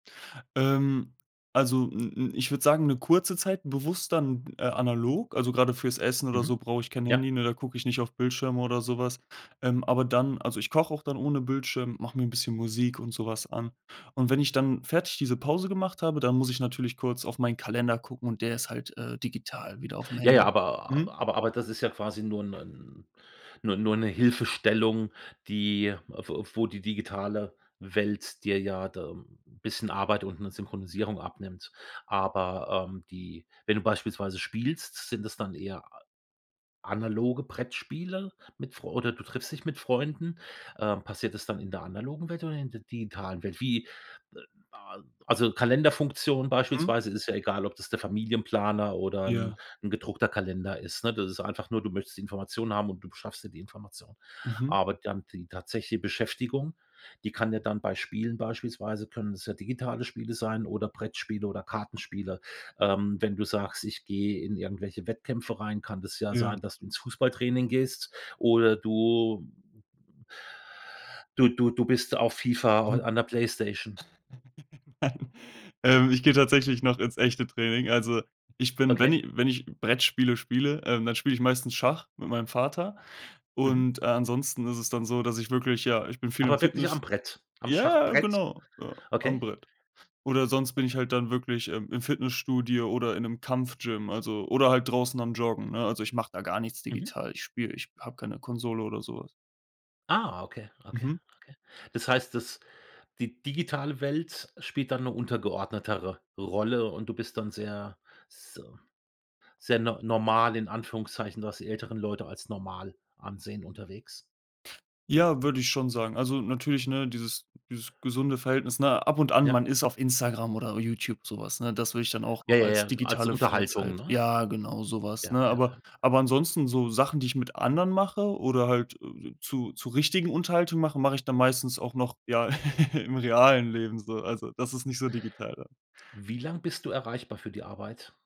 Ähm, also, m m ich würde sagen, 'ne kurze Zeit, bewusst dann, äh, analog. Also, grade fürs Essen oder Mhm. so brauch ich kein Ja. Handy, nur da guck ich nicht auf Bildschirme oder so was. Ähm, aber dann also, ich koche auch dann ohne Bildschirm, mache mir 'n bisschen Musik und so was an. Und wenn ich dann fertig diese Pause gemacht habe, dann muss ich natürlich kurz auf meinen Kalender gucken und der ist halt, äh, digital wieder au'fm Ja, ja, Handy. aber Mhm. aber aber das ist ja quasi nur 'nen nur nur 'ne Hilfestellung, die w wo die digitale Welt dir ja da 'n bisschen Arbeit und 'ne Synchronisierung abnimmt. Aber, ähm, die wenn du beispielsweise spielst, sind das dann eher ...analoge Brettspiele mit Freu oder du triffst dich mit Freunden. Ähm, passiert es dann in der analogen Welt oder in der digitalen Welt? Wie, äh a also, Kalenderfunktion Mhm. beispielsweise ist ja egal, ob das der Familienplaner oder 'n Ja. 'n gedruckter Kalender ist, ne? Das ist einfach nur, du möchtest Informationen haben und du beschaffst dir die Information. Mhm. Aber dann die tatsächliche Beschäftigung, die kann dir dann bei Spielen beispielsweise können's ja digitale Spiele sein oder Brettspiele oder Kartenspiele. Ähm, wenn du sagst: „Ich gehe in irgendwelche Wettkämpfe rein“, kann das ja Ja. sein, dass du ins Fußballtraining gehst oder du du du du bist auf FIFA, Mhm. an der Playstation. Nein. Ähm, ich gehe tatsächlich noch ins echte Training. Also, ich bin wenn Okay. ich wenn ich Brettspiele spiele, dann spiele ich meistens Schach mit meinem Vater. Mhm. Und, äh, ansonsten ist es dann so, dass ich wirklich ja, ich bin viel im Aber wirklich Fitness am Brett am ja, Schachbrett. genau, ja, am Okay. Brett. Oder sonst bin ich Okay. halt dann wirklich, ähm, im Fitnessstudio oder in 'nem Kampfgym, also oder halt draußen am Joggen, ne? Also, ich mache da gar nichts Mhm. digital. Ich spiele ich habe keine Konsole oder so was. Ah, okay, okay, Mhm. okay. Das heißt, dass die digitale Welt spielt dann 'ne untergeordnetere Rolle und du bist dann sehr, so sehr n normal in Anführungszeichen, was die älteren Leute als normal ansehen unterwegs. Ja, würde ich schon sagen. Also, natürlich, ne, dieses dieses gesunde Verhältnis, ne? Ab und an Ja. man ist auf Instagram oder Youtube, so was, ne? Das würde ich dann auch Ja, noch ja, als ja, als digitale Unterhaltung, Freizeit ne? ja, genau so was, Ja, ne? ja, Aber ja. aber ansonsten so Sachen, die ich mit anderen mache oder halt zu zu richtigen Unterhaltung mache, mache ich dann meistens auch noch, ja, im realen Leben so. Also, das ist nicht so digital dann. Wie lang bist du erreichbar für die Arbeit?